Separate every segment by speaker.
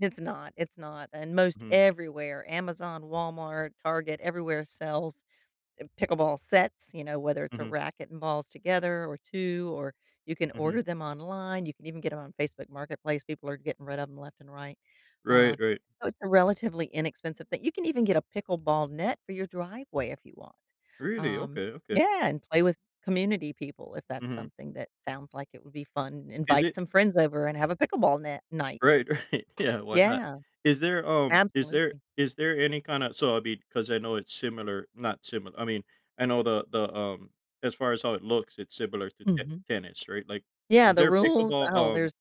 Speaker 1: It's not, it's not, and most
Speaker 2: Mhm.
Speaker 1: everywhere, Amazon, Walmart, Target, everywhere sells, eh, pickleball sets, you know? Whether it's a
Speaker 2: Mhm.
Speaker 1: racket and balls together or 2, or you can
Speaker 2: Mhm.
Speaker 1: order them online, you can even get 'em on Facebook Marketplace. People are getting rid of them left and right.
Speaker 2: Right,
Speaker 1: Uh,
Speaker 2: right.
Speaker 1: it's a relatively inexpensive thing you can even get a pickleball net for your driveway if you want.
Speaker 2: Really?
Speaker 1: Um
Speaker 2: Okay, okay.
Speaker 1: Yeah! And play with community people if that's
Speaker 2: Mhm.
Speaker 1: something that sounds like it would be fun.
Speaker 2: Is
Speaker 1: Invite
Speaker 2: it
Speaker 1: some friends over and have a pickleball net night.
Speaker 2: Right. Yeah, why not?
Speaker 1: Yeah.
Speaker 2: Is there, um is there
Speaker 1: Absolutely.
Speaker 2: is there any kinda so, I'll be 'cause I know it's similar not simil I mean, I know the the, um, as far as how it looks, it's similar to ten
Speaker 1: Mhm.
Speaker 2: tennis, right? Like,
Speaker 1: Yeah,
Speaker 2: is
Speaker 1: the
Speaker 2: there
Speaker 1: rules?
Speaker 2: pickleball,
Speaker 1: Oh, there's
Speaker 2: um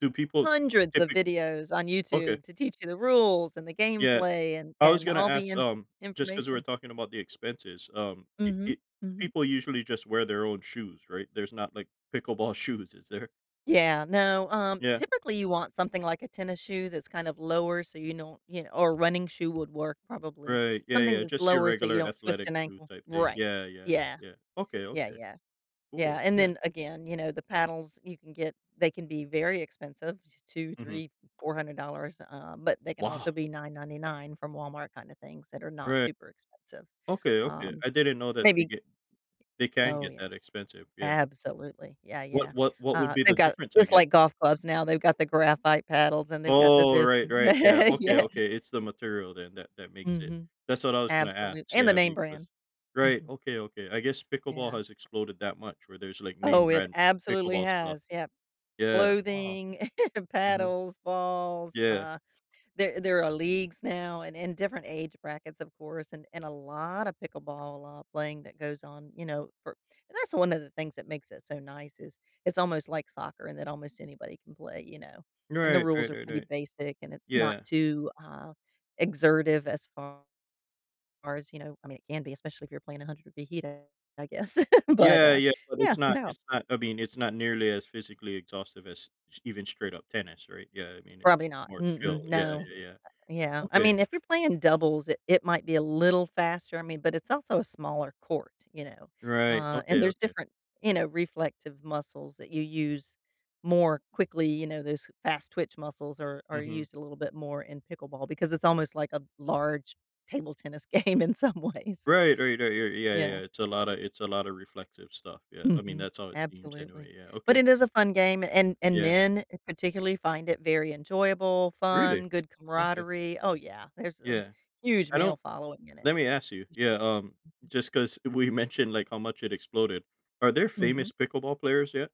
Speaker 2: do people
Speaker 1: hundreds of
Speaker 2: typic
Speaker 1: videos on
Speaker 2: Okay.
Speaker 1: YouTube to teach you the rules, and the
Speaker 2: Yeah,
Speaker 1: gameplay, and
Speaker 2: I was
Speaker 1: and
Speaker 2: gonna
Speaker 1: all the
Speaker 2: ask,
Speaker 1: in
Speaker 2: um, just 'cause we were
Speaker 1: information
Speaker 2: talking about the expenses, um, i
Speaker 1: Mhm,
Speaker 2: i
Speaker 1: mhm.
Speaker 2: people usually just wear their own shoes, right? There's not, like, pickleball shoes, is there?
Speaker 1: Yeah, no, um,
Speaker 2: Yeah.
Speaker 1: typically you want something like a tennis shoe that's kind of lower, so you don't, you kn or running shoe would work, probably.
Speaker 2: Right, yeah,
Speaker 1: Something
Speaker 2: yeah,
Speaker 1: that's
Speaker 2: just your
Speaker 1: lower so you
Speaker 2: regular
Speaker 1: don't twist
Speaker 2: athletic
Speaker 1: an
Speaker 2: shoe
Speaker 1: ankle
Speaker 2: type thing.
Speaker 1: Right.
Speaker 2: Yeah, yeah.
Speaker 1: Yeah.
Speaker 2: Yeah. Okay,
Speaker 1: Yeah,
Speaker 2: okay.
Speaker 1: yeah. Yeah,
Speaker 2: Cool,
Speaker 1: and
Speaker 2: yeah.
Speaker 1: then, again, you know, the paddles you can get they can be very expensive, t two,
Speaker 2: Mhm.
Speaker 1: 3, $400, um, but they can
Speaker 2: Wow.
Speaker 1: also be $9.99 from Walmart, kinda things that are not
Speaker 2: Right.
Speaker 1: super expensive.
Speaker 2: Okay, okay.
Speaker 1: Um,
Speaker 2: I didn't know that they
Speaker 1: maybe
Speaker 2: get they can
Speaker 1: Oh,
Speaker 2: get
Speaker 1: yeah.
Speaker 2: that expensive, yeah.
Speaker 1: Absolutely, yeah,
Speaker 2: What
Speaker 1: yeah.
Speaker 2: what what would
Speaker 1: Uh,
Speaker 2: be
Speaker 1: they've
Speaker 2: the
Speaker 1: got
Speaker 2: difference, I
Speaker 1: just
Speaker 2: gue
Speaker 1: like golf clubs now, they've got the graphite paddles, and they've got the
Speaker 2: Oh,
Speaker 1: this,
Speaker 2: right,
Speaker 1: and the
Speaker 2: right yeah,
Speaker 1: yeah,
Speaker 2: okay,
Speaker 1: yeah.
Speaker 2: okay, it's the material, then, that that makes it
Speaker 1: Mhm,
Speaker 2: that's what I was gonna ask
Speaker 1: absolute
Speaker 2: see
Speaker 1: and the
Speaker 2: how big was
Speaker 1: name-brand.
Speaker 2: Right,
Speaker 1: Mhm.
Speaker 2: okay, okay. I guess pickleball
Speaker 1: Yeah.
Speaker 2: has exploded that much where there's, like,
Speaker 1: Oh, it
Speaker 2: name-brand
Speaker 1: absolutely
Speaker 2: pickleball stuff?
Speaker 1: has. Yep.
Speaker 2: Yeah, wow.
Speaker 1: Clothing,
Speaker 2: Mhm.
Speaker 1: paddles, balls.
Speaker 2: Yeah.
Speaker 1: Uh, there there are leagues now, and in different age brackets, of course, and and a lot of pickleball, uh, playing that goes on, you know, for and that's one of the things that makes it so nice is, it's almost like soccer and that almost anybody can play, you know? And the
Speaker 2: Right,
Speaker 1: rules
Speaker 2: right,
Speaker 1: are
Speaker 2: right,
Speaker 1: pretty
Speaker 2: right.
Speaker 1: basic and it's not
Speaker 2: Yeah.
Speaker 1: too, uh, exertive, as far as, you know I mean, can be, especially if you're playing a hundred-degree heat I I guess. But,
Speaker 2: Yeah,
Speaker 1: uh
Speaker 2: yeah, but
Speaker 1: yeah,
Speaker 2: it's not
Speaker 1: no.
Speaker 2: it's not, I mean, it's not nearly as physically exhaustive as s even straight-up tennis, right? Yeah, I mean, it's
Speaker 1: Probably
Speaker 2: it's
Speaker 1: not.
Speaker 2: more chill.
Speaker 1: Mm-mm,
Speaker 2: Yeah, y
Speaker 1: no.
Speaker 2: y yeah.
Speaker 1: Yeah, I
Speaker 2: Okay.
Speaker 1: mean, if you're playing doubles, it it might be a little faster, I mean, but it's also a smaller court, you know?
Speaker 2: Right,
Speaker 1: Uh, and
Speaker 2: okay,
Speaker 1: there's
Speaker 2: okay.
Speaker 1: different, you know, reflective muscles that you use more quickly, you know? Those fast-twitch muscles are are
Speaker 2: Mhm.
Speaker 1: used a little bit more in pickleball, because it's almost like a large table tennis game in some ways.
Speaker 2: Right, right, right. Yeah, yeah, yeah.
Speaker 1: Yeah.
Speaker 2: It's a lotta it's a lotta reflective stuff, yeah. I mean,
Speaker 1: Mhm,
Speaker 2: that's how it seems,
Speaker 1: absolutely.
Speaker 2: anyway. Yeah,
Speaker 1: But,
Speaker 2: okay.
Speaker 1: it is a fun game, and and
Speaker 2: Yeah.
Speaker 1: men, particularly, find it very enjoyable,
Speaker 2: Really?
Speaker 1: fun, good
Speaker 2: Okay.
Speaker 1: camaraderie Oh, yeah, there's a
Speaker 2: Yeah.
Speaker 1: huge
Speaker 2: I
Speaker 1: male
Speaker 2: don't
Speaker 1: following in it.
Speaker 2: let me ask you yeah, um, just 'cause we mentioned, like, how much it exploded. Are there
Speaker 1: Mhm.
Speaker 2: famous pickleball players yet?